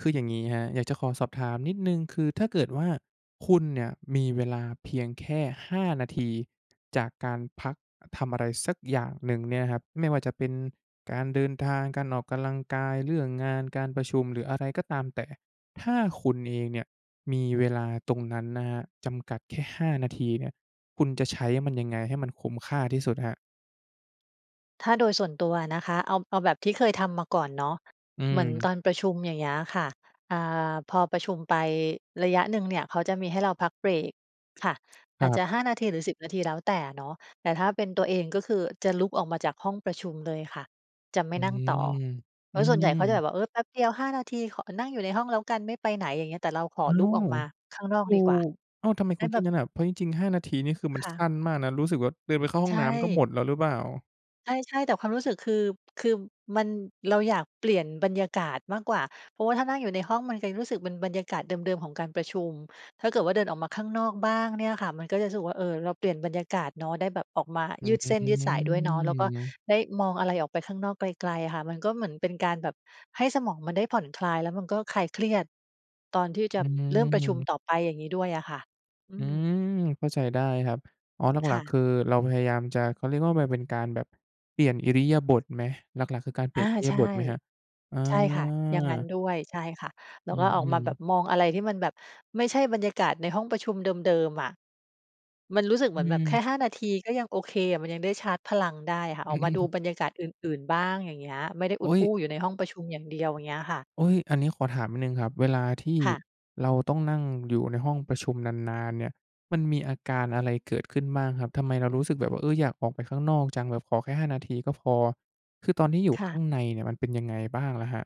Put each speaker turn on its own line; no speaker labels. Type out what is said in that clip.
คืออย่างงี้ครับ อยากจะขอสอบถามนิดหนึ่ง คือถ้าเกิดว่าคุณเนี่ยมีเวลาเพียงแค่ 5 นาทีจากการพักทำอะไรสักอย่างหนึ่งเนี่ยนะครับ ไม่ว่าจะเป็นการเดินทาง การออกกำลังกาย เรื่องงาน การประชุม หรืออะไรก็ตามแต่ ถ้าคุณเองเนี่ยมีเวลาตรงนั้นนะครับ จำกัดแค่ 5 นาทีเนี่ย คุณจะใช้มันยังไงให้มันคุ้มค่าที่สุดครับ?
ถ้าโดยส่วนตัวอะนะคะ เอา เอาแบบที่เคยทำมาก่อนเนาะ
อื
เหมือน
อ
ตอนประชุม อย่างเงี้ยค่ะ อ่า พอประชุมไประยะหนึ่งเนี่ย เขาจะมีให้เราพักเบรกค่ะ
ค
อ
ร
าจจ
ั
ะ
บ
5 นาทีหรือ 10 นาทีแล้วแต่เนาะ แต่ถ้าเป็นตัวเองก็คือจะลุกออกมาจากห้องประชุมเลยค่ะ จะไม
อ
่
ื
นั่งต่อ
อ
เพ
อื
ราะส่วนใหญ่เขาจะแบ
ม
บว่า "เออ แป๊บเดียว 5 นาที ขอนั่งอยู่ในห้องแล้วกัน ไม่ไปไหน" อย่างเงี้ย แต่เราขอ
อ้า
ลุกออ
ว
กมาข้างนอก
ถู
ดีกว่า
ก อ้าว ทำไม
ได
ค
้
ุณ
แ
ค
บ
ิด
บ
งั้นอะ เพราะจริง ๆ 5 นาทีนี่คือมั
ค
น
่
ส
ะ
ั้นมากนะ รู้สึกว่าเดินไปเข้าห
ใ
้
ช
องน้ำก็หม
่
ดแล้วหรือเปล่า?
ใช่ ๆ แต่ความรู้สึกคือ คือมัน เราอยากเปลี่ยนบรรยากาศมากกว่า เพราะว่าถ้านั่งอยู่ในห้อง มัน ก ยังรู้สึกเป็นบรรยากาศเดิม ๆ ของการประชุม ถ้าเกิดว่าเดินออกมาข้างนอกบ้างเนี่ยค่ะ มันก็จะรู้สึกว่า เออ เราเปลี่ยนบรรยากาศเนาะ ได้แบบออกมา
อ
ยืดเส้นยืดสายด้วยเนาะ แล้วก็
ืม
ได้มองอะไรออกไปข้างนอกไกล ๆ ค่ะ มันก็เหมือนเป็นการแบบให้สมองมันได้ผ่อนคลาย แล้วมันก็คลายเครียดตอนที่จ
อ
ะ
ื
เริ่มประชุม
ม
ต่อไป อย่างงี้ด้วยอะค่ะ อ
อ
ื
ื
ม
ม เข้าใจได้ครับ อ๋อ หล
ค
ั
่
ก ๆ ค
ะ
ือเราพยายามจะ เขาเรียกว่ามันเป็นการแบบเปลี่ยนอิริยาบถไหม หลัก ๆ คือการเป
อ
ลี
า
่ยนอิริ
ใ
ย
ช
า
่
บถไหมครับ? อา
ใช่ค่ะ อย่างงั้นด้วย ใช่ค่ะ แล
อ
้
ื
วก็ออกมา
ม
แบบ
ๆ
มองอะไรที่มันแบบไม่ใช่บรรยากาศในห้องประชุมเดิม ๆ อะ มันรู้สึกเ
อ
หม
ื
ือนแบบแค่
ม
5 นาทีก็ยังโอเค มันยังได้ชาร์จพลังได้ค่ะ
อ
อ
ื
อ
ม
กมาดูบรรยากาศอื่น ๆ บ้าง อย่างเงี้ย ไม่ได้อ
โ
ุ
อ
ด
๊ย
อู้อยู่ในห้องประชุมอย่างเดียว อย่างเงี้ยค่ะ
โอ๊ย อันนี้ขอถามนิดหนึ่งครับ เวลาที่
ค่ะ
เราต้องนั่งอยู่ในห้องประชุมนาน ๆ เนี่ย มันมีอาการอะไรเกิดขึ้นบ้างครับ ทำไมเรารู้สึกแบบว่า เออ อยากออกไปข้างนอกจัง แบบขอแค่ 5 นาทีก็พอ คือตอนที่อยู่
ค
ข
่
้
ะ
างในเนี่ย มันเป็นยังไงบ้างล่ะครับ?